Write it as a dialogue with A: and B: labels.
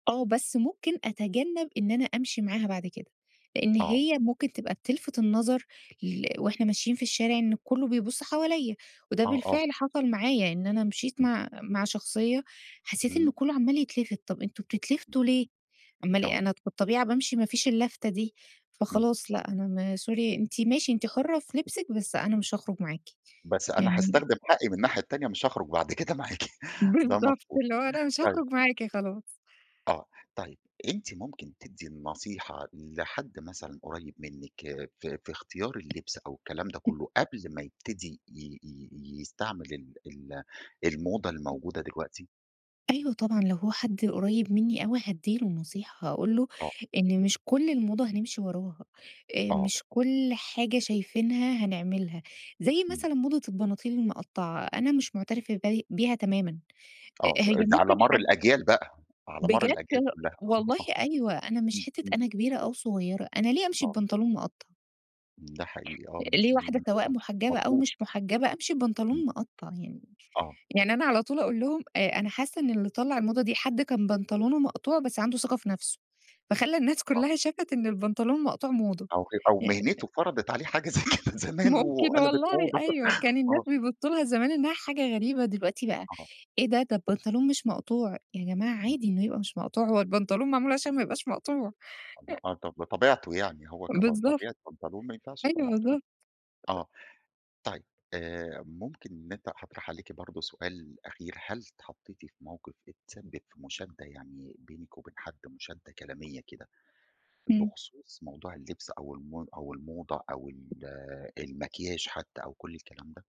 A: آه، بس ممكن أتجنب إن أنا أمشي معاها بعد كده. لأن
B: آه.
A: هي ممكن تبقى بتلفت النظر ل وإحنا ماشيين في الشارع إن كلّه بيبُص حواليَّ، وده
B: آه، آه.
A: بالفعل حصل معايا، إن أنا مشيت
B: إمم.
A: مع مع شخصية حسيت إن
B: امم.
A: كلّه عمال يتلفت، طب أنتم
B: امم.
A: بتتلفتوا ليه؟ أما ل
B: آه.
A: أنا بالطبيعة بامشي مافيش اللفتة دي،
B: امم.
A: فخلاص لأ، أنا م sorry أنتِ ماشي، أنتِ حُرة في لبسِك، بس أنا مش هاخرج معاكِ.
B: بس أنا
A: يعني
B: هاستخدم حقي من الناحية التانية، مش هاخرج بعد كده معاكِ، ده
A: بالضبط،
B: مضبوط،
A: اللي هو أنا مش
B: طيب.
A: هاخرج معاكِ خلاص.
B: آه، طيب أنتِ ممكن تدي النصيحة لحد مثلًا قريب منِك في في اختيار اللبس أو الكلام ده
A: [unintelligible]
B: كلّه، قبل ما يبتدي ي ي يستعمل ال ال الموضة الموجودة دلوقتي؟
A: أيوه طبعًا، لو هو حد قريب منّي أوي هادّي له نصيحة، هاقول له
B: آه.
A: إن مش كل الموضة هنِمشي وراها، آآ
B: آه.
A: مش كل حاجة شايفينها هنعملها، زي
B: امم.
A: مثلًا موضة البناطيل المقطعة، أنا مش معترفة بي بيها تمامًا، أ
B: آه،
A: هي
B: آآ، ده
A: ممكن
B: على مر
A: حد
B: الأجيال بقى، على مر
A: بجد
B: الأجيال
A: ه
B: كلّها،
A: والله
B: آه،
A: أيوه، أنا مش
B: امم
A: حتة
B: امم.
A: أنا كبيرة أو صغيرة، أنا ليه أمشي
B: آه.
A: ببنطلون مقطع؟
B: ده حقيقي، آه مش
A: ليه
B: م
A: واحدة
B: مش
A: سواء
B: مض مش
A: محجبة أو
B: مضبوط.
A: مش محجبة، أمشي
B: إمم.
A: ببنطلون مقطع يعني؟
B: آه.
A: يعني أنا على طول أقول لهم: "آآ، أنا حاسة إن اللي طلّع الموضة دي حد كان بنطلونه مقطوع بس عنده ثقة في نفسه، فخلّى الناس
B: آه.
A: كلّها شافت إن البنطلون المقطوع موضة."
B: أو ه أو
A: آآ
B: مهنته فرضت عليه حاجة زي كده زمان
A: ممكن
B: وقلَبت
A: والله
B: موضة.
A: أيوه، كان الناس
B: آه.
A: بيبصوا لها زمان إنها حاجة غريبة، دلوقتي بقى
B: آه.
A: إيه ده؟! ده البنطلون مش مقطوع، يا جماعة
B: امم.
A: عادي إنه يبقى مش مقطوع، هو البنطلون معمول عشان ما يبقاش مقطوع. أ
B: آه طب طبيعته يعني هو كب
A: بالضبط.
B: طبيعة بنطلون ما ينفعش يبقى
A: أيوه،
B: مقطوع،
A: بالضبط.
B: آه. طيب آآ ممكن إن أنتِ هاطرح عليكِ برضه سؤال أخير، هل اتحطيتِ في موقِف اتسبب في مشادة يعني بينِك وبين حد، مشادة كلامية كده،
A: امم.
B: بخصوص موضوع اللبس أو المو أو الموضة أو ال المكياج حتى أو كُل الكلام ده؟